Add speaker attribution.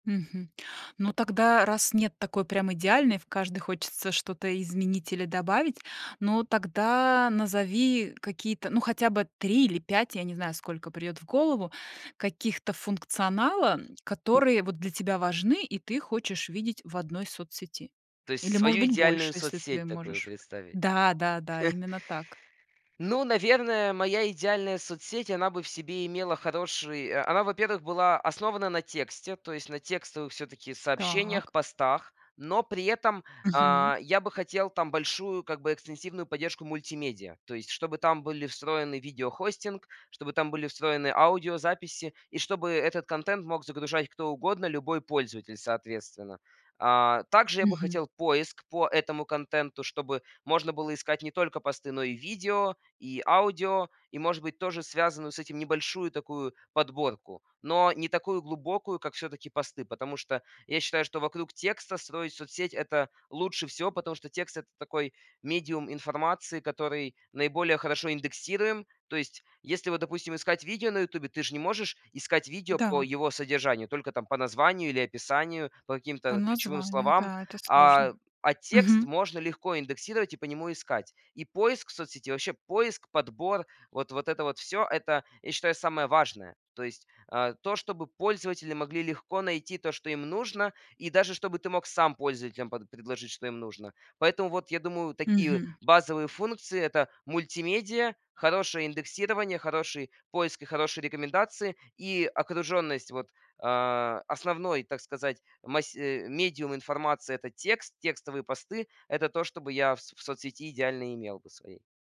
Speaker 1: Мгм. Ну тогда, раз нет такой прям идеальной, в каждой хочется что-то изменить или добавить, ну тогда назови какие-то, ну, хотя бы 3 или 5, я не знаю, сколько придёт в голову, каких-то функционала, которые вот для тебя важны и ты хочешь видеть в одной соцсети.
Speaker 2: То есть
Speaker 1: Или, может
Speaker 2: свою
Speaker 1: быть,
Speaker 2: идеальную
Speaker 1: больше, если ты
Speaker 2: соцсеть такую
Speaker 1: можешь.
Speaker 2: представить.
Speaker 1: Да-да-да, именно так.
Speaker 2: Ну, наверное, моя идеальная соцсеть, она бы в себе имела хороший о она, во-первых, была основана на тексте, то есть на текстовых всё-таки сообщениях,
Speaker 1: Так.
Speaker 2: постах. Но при этом,
Speaker 1: Мгм.
Speaker 2: а, я бы хотел там большую как бы экстенсивную поддержку мультимедиа. То есть чтобы там были встроены видеохостинг, чтобы там были встроены аудиозаписи и чтобы этот контент мог загружать кто угодно, любой пользователь, соответственно. А, также я бы
Speaker 1: Мгм.
Speaker 2: хотел поиск по этому контенту, чтобы можно было искать не только посты, но и видео, и аудио, и, может быть, тоже связанную с этим небольшую такую подборку. Но не такую глубокую, как всё-таки посты, потому что я считаю, что вокруг текста строить соцсеть- это лучше всего, потому что текст- это такой медиум информации, который наиболее хорошо индексируем. То есть если вот, допустим, искать видео на "Ютубе", ты ж не можешь искать видео
Speaker 1: Да.
Speaker 2: по его содержанию, только там по названию или описанию, по
Speaker 1: По
Speaker 2: каким-то ключевым
Speaker 1: названию,
Speaker 2: словам.
Speaker 1: да, это
Speaker 2: А,
Speaker 1: сложно.
Speaker 2: а текст
Speaker 1: Мгм.
Speaker 2: можно легко индексировать и по нему искать. И поиск в соцсети, вообще, поиск, подбор, вот вот это вот всё- это, я считаю, самое важное. То есть, э, то, чтобы пользователи могли легко найти то, что им нужно, и даже чтобы ты мог сам пользователем под предложить что им нужно. Поэтому вот я думаю, такие
Speaker 1: Мгм.
Speaker 2: базовые функции- это мультимедиа, хорошее индексирование, хороший поиск и хорошие рекомендации. И окружённость вот, э, основной, так сказать, мась э, медиум информации- это текст, текстовые посты. Это то, что бы я в с в соцсети идеальные имел бы своей.